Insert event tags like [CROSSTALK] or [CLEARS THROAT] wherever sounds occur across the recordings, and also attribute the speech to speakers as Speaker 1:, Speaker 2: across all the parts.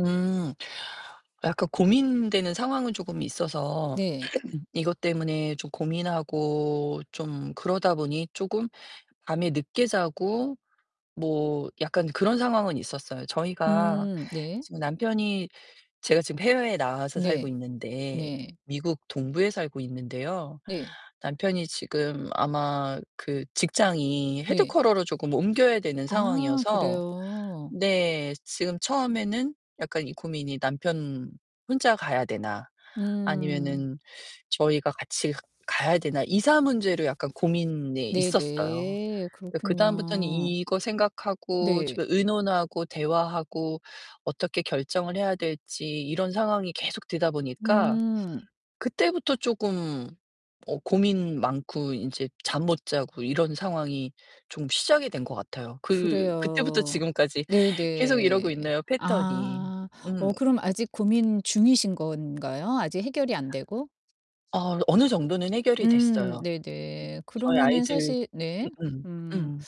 Speaker 1: 음. 약간 고민되는 상황은 쪼금 있어서
Speaker 2: 네.
Speaker 1: [CLEARS THROAT] 이것 때문에 좀 고민하고 좀 그러다 보니 쪼금 밤에 늦게 자고 뭐 약간 그런 상황은 있었어요. 저희가
Speaker 2: 음 네.
Speaker 1: 지금 남편이 제가 지금 해외에 나와서 살고
Speaker 2: 네.
Speaker 1: 있는데
Speaker 2: 네.
Speaker 1: 미국 동부에 살고 있는데요.
Speaker 2: 네.
Speaker 1: 남편이 지금 아마 그 직장이
Speaker 2: 네.
Speaker 1: headquarter로 쪼금 옮겨야 되는
Speaker 2: 아
Speaker 1: 상황이어서
Speaker 2: 그래요?
Speaker 1: 네 지금 처음에는 약간 이 고민이 '남편 혼자 가야 되나?'
Speaker 2: 음.
Speaker 1: 아니면은 '저희가 같이 가야 되나?' 이사 문제로 약간 고민이 있었어요.
Speaker 2: 네네.
Speaker 1: 으 그다음부터는
Speaker 2: 그렇군요.
Speaker 1: 이거 생각하고
Speaker 2: 네.
Speaker 1: 좀 의논하고 대화하고 어떻게 결정을 해야 될지 이런 상황이 계속 되다 보니까
Speaker 2: 음.
Speaker 1: 그때부터 쪼금 어 고민 많고 인제 잠 못 자고 이런 상황이 좀 시작이 된 것 같아요. 그 그때부터
Speaker 2: 그래요.
Speaker 1: 지금까지 계속 이러고
Speaker 2: 네네.
Speaker 1: 있네요 패턴이.
Speaker 2: 아 어
Speaker 1: 음.
Speaker 2: 그럼 아직 고민 중이신 건가요? 아직 해결이 안 되고?
Speaker 1: 아 어느 정도는 해결이
Speaker 2: 음
Speaker 1: 됐어요.
Speaker 2: 네네
Speaker 1: 저희
Speaker 2: 그러면은
Speaker 1: 아이들
Speaker 2: 사실 네
Speaker 1: 음음
Speaker 2: 음
Speaker 1: 음.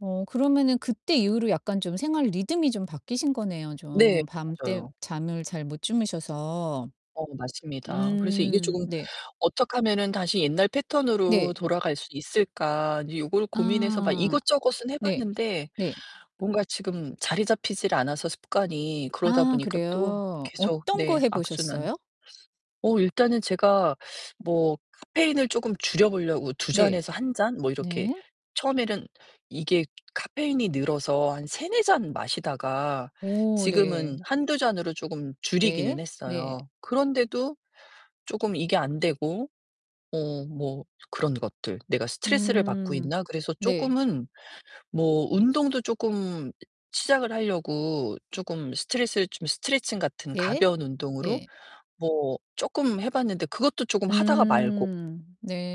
Speaker 2: 어 그러면은 그때 이후로 약간 좀 생활 리듬이 좀 바뀌신 거네요
Speaker 1: 네
Speaker 2: 좀. 밤 때
Speaker 1: 맞아요.
Speaker 2: 잠을 잘 못 주무셔서.
Speaker 1: 어 맞습니다. 그래서 이게
Speaker 2: 음
Speaker 1: 조금
Speaker 2: 네.
Speaker 1: '어떡하면은 다시 옛날 패턴으로
Speaker 2: 네.
Speaker 1: 돌아갈 수 있을까?' 인제 요걸 고민해서 막
Speaker 2: 아
Speaker 1: 이것저것은 해
Speaker 2: 네.
Speaker 1: 봤는데
Speaker 2: 네.
Speaker 1: 뭔가 지금 자리 잡히질 않아서 습관이 그러다
Speaker 2: 아
Speaker 1: 보니까 또
Speaker 2: 그래요?
Speaker 1: 계속
Speaker 2: 어떤 거
Speaker 1: 네
Speaker 2: 해
Speaker 1: 악순환.
Speaker 2: 보셨어요?
Speaker 1: 어 일단은 제가 뭐 카페인을 쪼금 줄여 보려고 2
Speaker 2: 네.
Speaker 1: 잔에서 1 잔 뭐 이렇게
Speaker 2: 네.
Speaker 1: 처음에는 이게 카페인이 늘어서 한 3-4 잔 마시다가
Speaker 2: 오
Speaker 1: 지금은
Speaker 2: 네.
Speaker 1: 1-2 잔으로 쪼금
Speaker 2: 네.
Speaker 1: 줄이기는
Speaker 2: 네.
Speaker 1: 했어요. 그런데도 쪼금 이게 안 되고 어 뭐 그런 것들 '내가 스트레스를 받고
Speaker 2: 음
Speaker 1: 있나?' 그래서
Speaker 2: 네.
Speaker 1: 쪼끔은 뭐 운동도 쪼끔 시작을 하려고 쪼금 스트레스 좀 스트레칭 같은
Speaker 2: 네.
Speaker 1: 가벼운 운동으로
Speaker 2: 예.
Speaker 1: 뭐 쪼끔 해 봤는데 그것도 쪼금 하다가 말고
Speaker 2: 음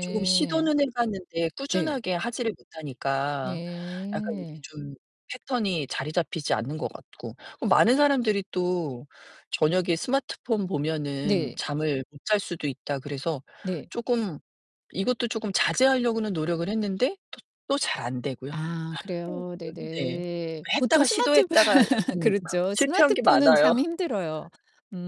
Speaker 1: 쪼금 시도는 해 봤는데
Speaker 2: 네.
Speaker 1: 꾸준하게 하지를 못하니까 약간 이게
Speaker 2: 네.
Speaker 1: 좀 패턴이 자리 잡히지 않는 것 같고. 그 많은 사람들이 또 "저녁에 스마트폰 보면은
Speaker 2: 네.
Speaker 1: 잠을 못 잘 수도 있다." 그래서
Speaker 2: 네.
Speaker 1: 쪼끔 이것도 쪼금 자제하려고는 노력을 했는데 또 또 잘 안 되고요. [LAUGHS] 또
Speaker 2: 아 그래요?
Speaker 1: 끈 네
Speaker 2: 네네.
Speaker 1: 그
Speaker 2: 보통
Speaker 1: 했다가
Speaker 2: 스마트
Speaker 1: 시도했다가
Speaker 2: [LAUGHS]
Speaker 1: 음 [LAUGHS]
Speaker 2: 그렇죠.
Speaker 1: 실패한 게
Speaker 2: 스마트폰은
Speaker 1: 많아요.
Speaker 2: 참 힘들어요.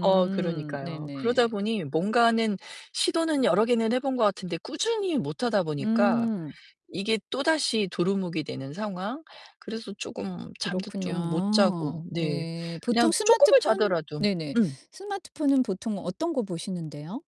Speaker 1: 어 그러니까요. 그러다
Speaker 2: 네네.
Speaker 1: 보니 뭔가는 시도는 여러 개는 해 본 것 같은데 꾸준히 못 하다 보니까
Speaker 2: 음.
Speaker 1: 이게 또다시 도루묵이 되는 상황. 그래서 쪼금 잠도 좀 못 자고
Speaker 2: 그렇군요.
Speaker 1: 네.
Speaker 2: 네 보통
Speaker 1: 그냥 쪼끔을
Speaker 2: 스마트폰
Speaker 1: 자더라도
Speaker 2: 네네.
Speaker 1: 음.
Speaker 2: 스마트폰은 보통 어떤 거 보시는데요?